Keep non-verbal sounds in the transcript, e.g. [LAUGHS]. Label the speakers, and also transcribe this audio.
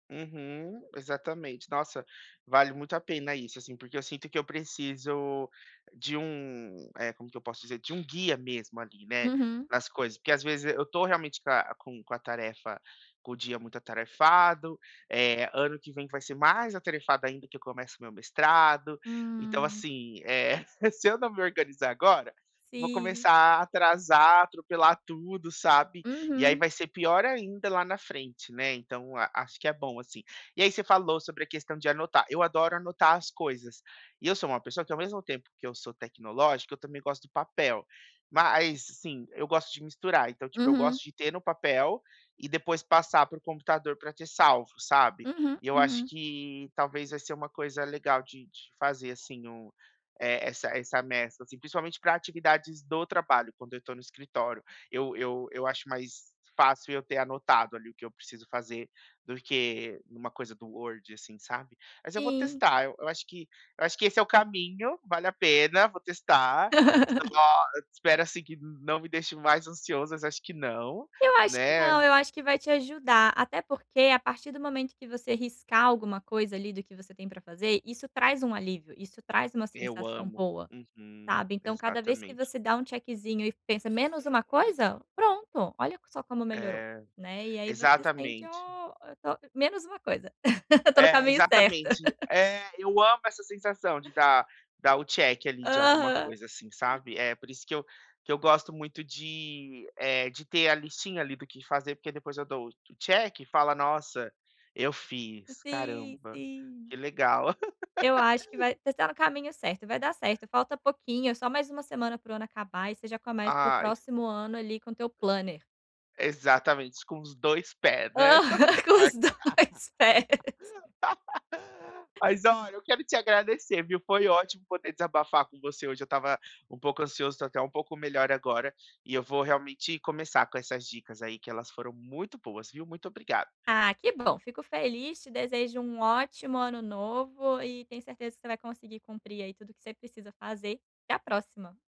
Speaker 1: Uhum. Exatamente. Nossa, vale muito a pena isso, assim, porque eu sinto que eu preciso de um eh, como que eu posso dizer, de um guia mesmo ali, né,
Speaker 2: Uhum.
Speaker 1: nas coisas, porque às vezes eu estou realmente com a com com a tarefa com o dia muito atarefado, eh, ano que vem vai ser mais atarefado ainda que eu começo o meu mestrado, então,
Speaker 2: Hum.
Speaker 1: assim é, [CHUCKLES] se eu não me organizar agora, vou
Speaker 2: Sim.
Speaker 1: começar a atrasar, atropelar tudo, sabe? E aí
Speaker 2: Uhum.
Speaker 1: vai ser pior ainda lá na frente, né, então a acho que é bom assim. E aí você falou sobre a questão de anotar, eu adoro anotar as coisas e eu sou uma pessoa que ao mesmo tempo que eu sou tecnológica eu também gosto do papel. Mas sim, eu gosto de misturar. Então tipo eu
Speaker 2: Uhum.
Speaker 1: gosto de ter no papel e depois passar para o computador para ter salvo, sabe.
Speaker 2: Aham,
Speaker 1: E eu acho
Speaker 2: aham.
Speaker 1: que, talvez, vai ser uma coisa legal de de de fazer, assim, o eh, essa essa mescla, assim, principalmente para atividades do trabalho, quando eu estou no escritório. Eu eu eu acho mais fácil eu ter anotado ali o que eu preciso fazer do que em uma coisa do Word, assim, sabe. Mas eu vou
Speaker 2: Sim.
Speaker 1: testar, eu eu acho que eu acho que esse é o caminho, vale a pena, vou testar.
Speaker 2: [LAUGHS]
Speaker 1: Lógico, espero, assim, que não não me deixe mais ansioso, mas acho que não,
Speaker 2: Eu acho que não,
Speaker 1: né.
Speaker 2: eu acho que vai te ajudar. Até porque a partir do momento que você riscar alguma coisa ali do que você tem para fazer, isso traz um alívio, isso traz uma
Speaker 1: Eu
Speaker 2: sensação
Speaker 1: amo.
Speaker 2: boa,
Speaker 1: Uhum.
Speaker 2: sabe. Então cada vez que
Speaker 1: Exatamente.
Speaker 2: você dá um checkzinho e pensa: "Menos uma coisa", pronto, olha só como melhorou,
Speaker 1: É,
Speaker 2: né. E aí você sente:
Speaker 1: exatamente.
Speaker 2: "Ó, eu tô" menos uma coisa, eu estou no
Speaker 1: É,
Speaker 2: caminho certo.
Speaker 1: exatamente.
Speaker 2: [LAUGHS]
Speaker 1: É, eu amo essa sensação de dar dar o check ali de alguma
Speaker 2: Aham.
Speaker 1: coisa, assim, sabe? É por isso que eu que eu gosto muito de eh, de ter a listinha ali do que fazer porque depois eu dou o check e fala: "Nossa, eu fiz,
Speaker 2: Sim,
Speaker 1: caramba, que
Speaker 2: sim.
Speaker 1: legal".
Speaker 2: Eu acho que
Speaker 1: [LAUGHS]
Speaker 2: vai você tá no caminho certo. Vai dar certo, falta pouquinho, é só mais uma semana para o ano acabar e você já começa o
Speaker 1: Ai.
Speaker 2: próximo ano ali com teu planner.
Speaker 1: Aí exatamente, com os 2 pés, né, quebra a
Speaker 2: Aham, com os
Speaker 1: porta.
Speaker 2: 2 pés.
Speaker 1: [LAUGHS] Mas olha, eu quero te agradecer viu, foi ótimo poder desabafar com você hoje. Eu estava um pouco ansioso, estou até um pouco melhor agora e eu vou realmente começar com essas dicas aí que elas foram muito boas viu, muito obrigado.
Speaker 2: Ah, que bom, fico feliz. Te desejo um ótimo ano novo e tenho certeza que você vai conseguir cumprir aí tudo que você precisa fazer. Até a próxima.